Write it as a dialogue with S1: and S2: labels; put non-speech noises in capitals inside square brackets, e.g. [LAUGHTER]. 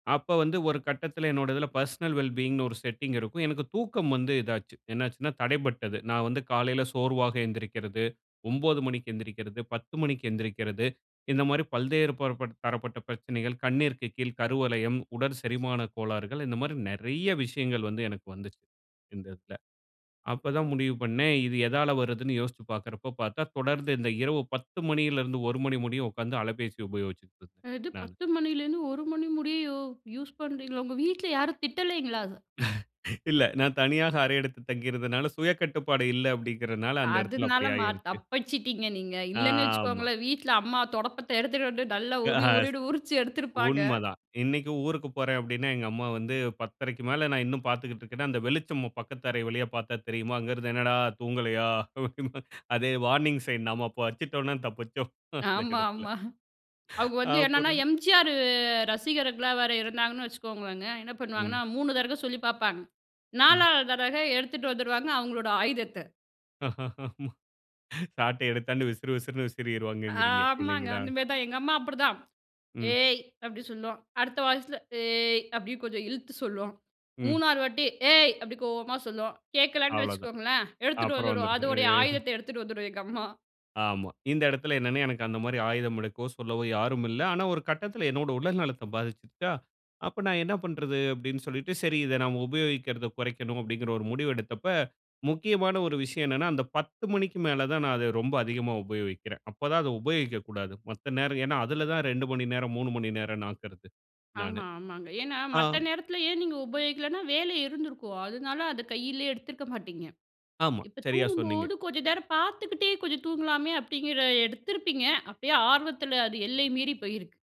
S1: அப்போ வந்து ஒரு கட்டத்தில என்னுடைய இதில் பர்சனல் வெல் பீயிங்ன்னு ஒரு செட்டிங் இருக்கும். எனக்கு தூக்கம் வந்து இதாச்சு. என்னாச்சுனா. தடைப்பட்டது. நா வந்து காலையில் சோர்வாக எந்திரிக்கிறது, 9:00 மணிக்கு எந்திரிக்கிறது, 10:00 மணிக்கு எழுந்திரிக்கிறது இந்த மாதிரி பல்வேறு பரப்ப தரப்பட்ட பிரச்சனைகள். கண்ணீருக்கு கீழ் கருவளையம், உடற் செரிமான கோளாறுகள் இந்த மாதிரி நிறைய விஷயங்கள் வந்து எனக்கு வந்துச்சு இந்த இதுல. அப்போ தா முடிவு பண்ணேன் இது எதால வருதுன்னு யோசித்து பார்க்கிறப்போ பார்த்தா, தொடர்ந்து இந்த இரவு 10:00 மணியிலிருந்து 1:00 மணி முடியும் உட்கார்ந்து அலைபேசி உபயோகிச்சிட்டு இருந்தேன்
S2: எது
S1: நான்.
S2: 10:00 மணிலேருந்து 1:00 மணி முடிய யூஸ் பண்ணுறீங்களா? உங்க வீட்ல யாரும் திட்டலைங்களா அத?
S1: [LAUGHS] இல்ல, நான் தனியாக அறை எடுத்து தங்கிருந்தனால, சுய கட்டுப்பாடு இல்ல அப்டின்றதனால அந்த இடத்தில
S2: அதனால
S1: அப்படி
S2: மா
S1: ஆயிருச்சு.
S2: தப்பிச்சிட்டீங்க நீங்க, இல்லன்னு
S1: ஆமா.
S2: வச்சுக்கோங்களேன் வீட்ல அம்மா தொடப்பத்த எடுத்துகிட்டு வந்து நல்லா
S1: ஆ
S2: உரி
S1: ஸ்
S2: உரின்னு உரிச்சி எடுத்திருப்பாங்க.
S1: உண்ம தான். இன்னைக்கும் ஊருக்கு போறேன் அப்படினா, எங்க அம்மா வந்து 10:30க்கு மேல நான் இன்னும் பார்த்துக்கிட்டு இருக்கேன்னா, அந்த வெளிச்சம் பக்கத்து அறை வழியே பார்த்தா தெரியுமா? அங்கே இருந்து என்னடா தூங்கலையா? அதே வார்னிங் சைன் நாம அப்போ வச்சிட்டோம்னா தப்பிச்சோம், அந்த
S2: ஆமா,
S1: இடத்தில.
S2: ஆமா. அவங்க வந்து என்னென்னா
S1: அப்புறம்
S2: எம்.ஜி.ஆர் ரசிகர்களா வேற இருந்தாங்கன்னு வச்சுக்கோங்களேங்க என்ன பண்ணுவாங்கன்னா
S1: ம்.
S2: 3 தடவை சொல்லி பார்ப்பாங்க
S1: ம்.
S2: 4 வது தடவ எடுத்துட்டு வந்துடுவாங்க அவங்களோட ஆயுதத்த.
S1: சாட்டை எடுத்தாந்து விசிறு, விசிறுனு விசிறிடுவாங்கங்றீங்க.
S2: ஆமாங்க.
S1: இல்லைங்களா?
S2: அந்த மாதிரி தா, எங்க அம்மா அப்படிதான்.
S1: ம்.
S2: ஏய் அப்படி சொல்லும் அடுத்த வாய்ஸில ஏய் அப்படின்னு கொஞ்சம் இழுத்து சொல்லும்
S1: ம்.
S2: 3வறு வாட்டி ஏய் அப்படி கோவமா சொல்லும் கேட்கலன்னு
S1: அவ்ளோ தான்.
S2: வச்சுக்கோங்களேன், எடுத்துட்டு
S1: அப்புறம்
S2: வந்துடும்
S1: வந்துருது.
S2: அதனுடைய
S1: அ.
S2: ஆயுதத்த எடுத்துட்டு வந்துடும், எங்க அம்மா.
S1: ஆமா. இந்த இடத்தில என்னனா, எனக்கு அந்த மாதிரி ஆயுதம் எடுக்கவோ சொல்லவோ யாரும் இல்லை. ஆனா ஒரு கட்டத்தில என்னுடைய உடல் நலத்தை பாதிச்சிருச்சா? அப்போ நான் என்ன பண்றது? அப்படி சொல்லிட்டு, சரி இத நாம உபயோகிக்கிறத குறைக்கணும் அப்படிங்கிற ஒரு முடிவு எடுத்தப்ப, முக்கியமான ஒரு விஷயம் என்னனா, அந்த 10:00 மணிக்கு மேல தான் நான், அத ரொம்ப அதிகமாக உபயோகிக்கிறேன். அப்பதா அதை உபயோகிக்கக்கூடாது. மத்த நேரம் என்னென்னா அதில தான் 2 மணி நேரம், 3 மணி நேரம்ன்னு ஆக்குறது நானு.
S2: ஆமா, ஆமாங்க. ஏன்னா,
S1: ஆ.
S2: மத்த நேரத்தில் ஏன் நீங்க உபயோகிக்கலன்னா வேலை இருந்திருக்கும் அதனால அத கையிலேயே எடுத்துருக்க மாட்டீங்க.
S1: ஆமா,
S2: இப்ப
S1: சரியா சொன்னீங்க.
S2: தூங்கும்போது கொஞ்சம் நேரம் பார்த்துக்கிட்டே கொஞ்சம் தூங்கலாமே அப்படிங்கிற எடுத்திருப்பீங்க அப்படியே ஆர்வத்தில் அது எல்லை மீறி போயிருக்கு.